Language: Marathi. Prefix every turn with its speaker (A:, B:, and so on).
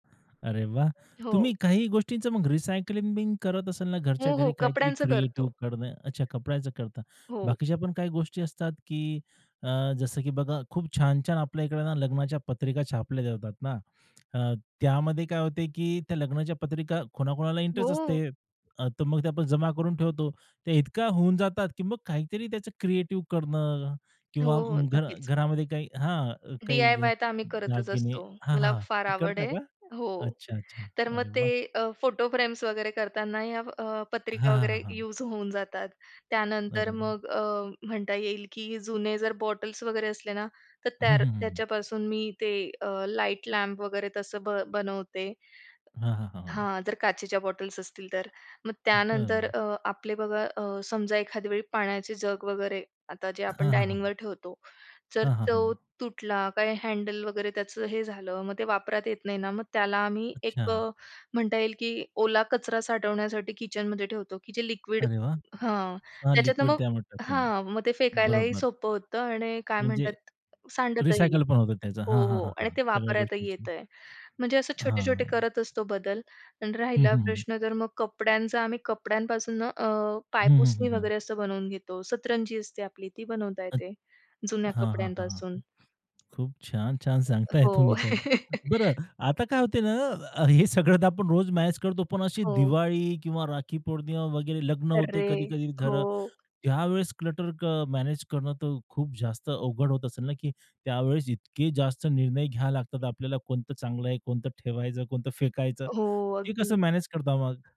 A: अरे वाह!
B: हो.
A: तुम्ही काही गोष्टींचं मग रिसायकलिंग बिन करत असाल ना, घरच्या
B: हो, हो.
A: घरी काहीतरी
B: कपड्यांचं करतो.
A: क्रिएटिव्ह करणं अच्छा, कपड्याचं करता.
B: हो.
A: बाकीच्या पण काही गोष्टी असतात, की अ, जसं की बघा खूप छान-छान आपल्या इकडे ना, लग्नाच्या पत्रिका छापल्या जातात ना. अ, त्यामध्ये काय होते, की त्या लग्नाच्या पत्रिका कोणाकोणाला इंटरेस्ट असते.
B: हो.
A: अ, तर मग ते आपण जमा करून ठेवतो. ते इतका होऊन जातात, की मग काहीतरी त्याचं क्रिएटिव्ह करणं
B: हो,
A: किंवा
B: हो,
A: मग घर
B: नक्कीच.
A: घरामध्ये काही हां, काही
B: डीआयवाय तर आम्ही करतच
A: दागिने
B: असतो.
A: हां,
B: मला
A: हां,
B: फार
A: ते
B: आवड
A: करता
B: आहे.
A: का?
B: हो,
A: अच्छा-अच्छा.
B: तर मग
A: अरे
B: ते
A: वाह!
B: अ, फोटो फ्रेम्स वगैरे करतांना या अ,
A: हां,
B: पत्रिका
A: हां, हां,
B: वगैरे
A: हां.
B: यूज होऊन जातात. त्यानंतर
A: अरे वाह!
B: मग अ, म्हणता येईल की जुने जर बॉटल्स वगैरे असले ना, तर
A: हं,
B: त्या
A: हं, हं, हं.
B: त्याच्यापासून मी ते अ, लाईट लॅम्प वगैरे तसं ब बनवते.
A: हां, हां, हां, हां.
B: हां, जर काचेच्या बॉटल्स असतील तर. मग त्यानंतर
A: बरं.
B: अ, आपले बघा अ, समजा एखाद्या वेळी पाण्याचे जग वगैरे आता जे आपण
A: हां, हां, हां.
B: डायनिंगवर ठेवतो. जर
A: हां, हां,
B: तो
A: हां.
B: तुटला काही हँडल वगैरे त्याचं हे झालं, मग ते वापरात येत नाही ना, मग त्याला आम्ही एक
A: अच्छा.
B: अ, म्हणता येईल की ओला कचरा साठवण्यासाठी किचनमध्ये ठेवतो, की जे लिक्विड
A: अरे वाह!
B: हां,
A: हां,
B: त्याच्यातनं
A: लिक्विड
B: मग
A: त्यामध्ये टाकून.
B: हां, मग ते फेकायलाही
A: बरोबर.
B: सोपं होतं आणि काय म्हणतात,
A: म्हणजे
B: सांडतही नाही.
A: रिसायकल पण होतं त्याचं.
B: हो,
A: हां, हां,
B: हो
A: हां,
B: आणि
A: हां.
B: ते
A: सगळ्या
B: वापरायलाही
A: गोष्टीची.
B: येतंय. म्हणजे असं छोटे-छोटे
A: हां.
B: करत असतो बदल आणि
A: हं,
B: राहिला
A: हं, हं, हं.
B: प्रश्न तर मग कपड्यांचा, आम्ही कपड्यांपासून अ,
A: हं, हं, हं,
B: पायपुसणी
A: हं.
B: वगैरे असं बनवून घेतो. सतरंजी असते आपली ती बनवता
A: [unintelligible] हां,
B: येते. जुन्या
A: हां, हां, हां,
B: कपड्यांपासून.
A: हां. खूप छान. छान सांगताय
B: हो.
A: तुम्ही तर. बरं आता काय होते ना, हे सगळं आपण रोज मॅनेज करतो. पण अशी
B: हो.
A: दिवाळी किंवा राखी पौर्णिमा वगैरे लग्न होते,
B: अर्रे!
A: कधी-कधी
B: हो.
A: घरं त्यावेळेस क्लटर अ, मॅनेज करणं तर खूप जास्त अवघड होत असेल ना, की त्यावेळेस इतके जास्त निर्णय घ्यावे लागतात आपल्याला कोणतं चांगलं आहे, कोणतं ठेवायचं, कोणतं फेकायचं.
B: हो,
A: ते कसं
B: अगदी.
A: मॅनेज करता मग?